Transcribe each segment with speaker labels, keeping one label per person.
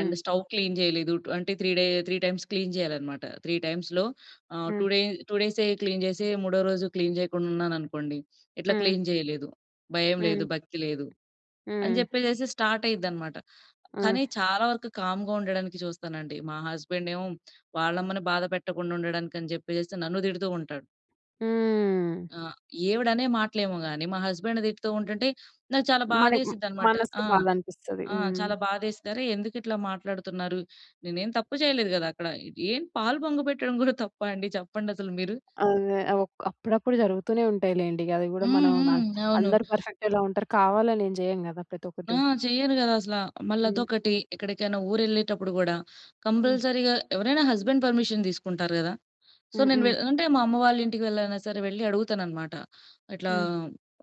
Speaker 1: And stove clean జేయలేదు. అంటే three day three times‌ clean జేయాలన్నమాట. త్రీ టైమ్స్‌లో ఆహ్, టూ
Speaker 2: హ్మ్.
Speaker 1: డే 2 డేసె క్లీన్ జేసి 3 రోజు క్లీన్ జేయకుండా ఉన్నాననుకోండి, "ఇట్లా
Speaker 2: హ్మ్.
Speaker 1: క్లీన్ జేయలేదు, భయం
Speaker 2: హ్మ్.
Speaker 1: లేదు, భక్తి లేదు,"
Speaker 2: హ్మ్.
Speaker 1: అని జెప్పేసేసి స్టార్ట్ అయ్యిద్దనమాట.
Speaker 2: హ్మ్.
Speaker 1: కానీ చాలా వరకు కామ్‌గా ఉండడానికి చూస్తానండి. మా హస్బెండేమో వాళ్ళమ్మని బాధ పెట్టకుండుండడానికని చెప్పేసేసి నన్ను తిడుతూ ఉంటాడు.
Speaker 2: హ్మ్.
Speaker 1: ఆ! ఈవిడనే మాటలేమో గాని, మా హస్బెండ్ తిడుతూ ఉంటుంటే, నాకు చాలా
Speaker 2: మనకి మ్
Speaker 1: బాదేసిద్దన్నమాట.
Speaker 2: మనసు
Speaker 1: ఆ!
Speaker 2: బాధనిపిస్తది.
Speaker 1: ఆ!
Speaker 2: హ్మ్.
Speaker 1: చాలా బాదేస్తారు. ఎందుకిట్లా మాట్లాడుతున్నారు? నేనేం తప్పు చేయలేదు గదా! అక్కడ. ఏం పాలు పొంగ‌బెట్టడం గూడా తప్పా అండి? చెప్పండసలు మీరు.
Speaker 2: అదే. ఆ వొక్ అప్పుడప్పుడు జరుగుతూనే ఉంటాయి లెండి. గది గూడా
Speaker 1: హ్మ్.
Speaker 2: మనం న
Speaker 1: హ్మ్. అవును.
Speaker 2: అందరు పర్ఫెక్టెలా ఉంటారు? కావాలనేం జేయం గదా!
Speaker 1: ఆ!
Speaker 2: ప్రతొక్కటి.
Speaker 1: చెయ్యరు గదా! అసల.
Speaker 2: హ్మ్.
Speaker 1: మళ్ళదొకటి, ఎక్కడికైనా ఊరెళ్ళేటప్పుడు గూడా
Speaker 2: హ్మ్.
Speaker 1: కంపల్సరీగా ఎవరైనా హస్బెండ్ పర్మిషన్ తీసుకుంటారు గదా! సో, నేను వె
Speaker 2: హుహు.
Speaker 1: అంటే మా అమ్మ వాళ్ళింటికి వెళ్లైనా సరే వెళ్లి అడుగుతానన్నమాట. ఇట్లా
Speaker 2: హ్మ్.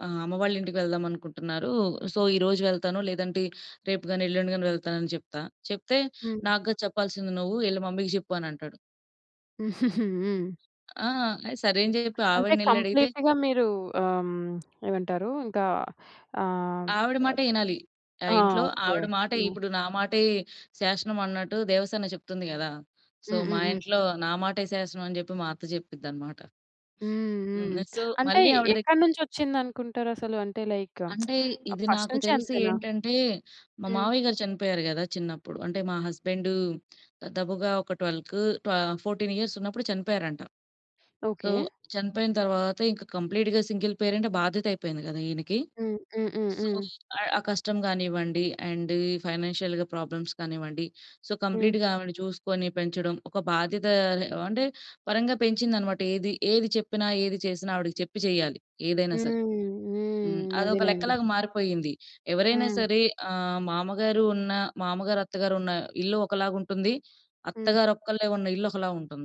Speaker 1: ఆహ్, అమ్మ వాళ్ళింటికి వెళ్దామనుకుంటున్నారు. సో, ఈరోజు వెళ్తాను లేదంటే రేపు గాని, ఎల్లుండి గాని వెళ్తానని చెప్తా. చెప్తే
Speaker 2: హ్మ్.
Speaker 1: "నాగ్గాదు చెప్పాల్సింది. నువ్వు యెళ్ళి మమ్మీ‌కి జెప్పు." అని అంటాడు.
Speaker 2: హ్మ్.
Speaker 1: ఆ! ఐ సరే అని జెప్పి
Speaker 2: అంటే
Speaker 1: ఆవిడనెళ్ళి అడిగితే
Speaker 2: కంప్లీట్‌గా మీరు ఆహ్, ఏమంటారు? ఇంకా ఆహ్
Speaker 1: ఆవిడ మాటే యినాలి. ఆహ్,
Speaker 2: ఆ!
Speaker 1: ఇంట్లో
Speaker 2: ఓకే.
Speaker 1: ఆవిడ మాటే
Speaker 2: హ్మ్.
Speaker 1: ఇప్పుడు నా మాటే శాశనం అన్నట్టు, దేవసేన చెప్తుంది గదా! సో, "మా
Speaker 2: హుహుహు.
Speaker 1: ఇంట్లో నా మాటే శాసనం." అని చెప్పి మా అత్త చెప్పి‌ద్దన్నమాట.
Speaker 2: హ్మ్.
Speaker 1: హ్మ్.
Speaker 2: హ్మ్.
Speaker 1: సో,
Speaker 2: అంటే
Speaker 1: మళ్ళి ఆవిడ దెగ్గర
Speaker 2: ఎక్కడ్నుంచొచ్చిందనుకుంటారసలు? అంటే లైక్,
Speaker 1: అంటే ఇది
Speaker 2: ఫస్ట్
Speaker 1: నాకు
Speaker 2: నుంచి
Speaker 1: తెలిసి
Speaker 2: అంతేనా?
Speaker 1: ఏంటంటే, మా
Speaker 2: హ్మ్.
Speaker 1: మామయ్య గారు చనిపోయారు గదా! చిన్నప్పుడు. అంటే, మా హస్బెండ్ దాదాపుగా ఒక 12కు, ఆహ్, 14 ఇయర్స్ ఉన్నప్పుడు చనిపోయారంట. So,
Speaker 2: okay.
Speaker 1: చనిపోయిన తరువాత ఇంకా కంప్లీట్‌గా సింగిల్ పేరెంట్ బాధ్యత అయిపోయింది కదా! ఈయనకి. సో,
Speaker 2: హుహుహుహు.
Speaker 1: ఆ కష్టం గానివ్వండి అండ్ ఈ ఫైనాన్షియల్‌గా ప్రాబ్లమ్స్ కానివ్వండి, సో,
Speaker 2: హ్మ్.
Speaker 1: కంప్లీట్‌గా ఆవిడని చూసుకొని పెంచడం, ఒక బాధ్యత అంటే పరంగా పెంచిందన్నమాట. ఏది ఏది చెప్పినా, ఏది చేసినా ఆవిడకి చెప్పి చేయాలి ఏదైనా
Speaker 2: హ్మ్.
Speaker 1: సరే. హ్మ్.
Speaker 2: హ్మ్.
Speaker 1: అదొక
Speaker 2: అదేలెండి.
Speaker 1: లెక్కలాగా మారిపోయింది. ఎవరైనా
Speaker 2: హ్మ్.
Speaker 1: సరే ఆహ్, మామగారు ఉన్న మామగారు, అత్తగారు ఉన్న ఇల్లు ఒకలాగుంటుంది.
Speaker 2: హ్మ్.
Speaker 1: అత్తగారొక్కళ్ళే ఉన్న ఇల్లు ఒకలా ఉంటుంది.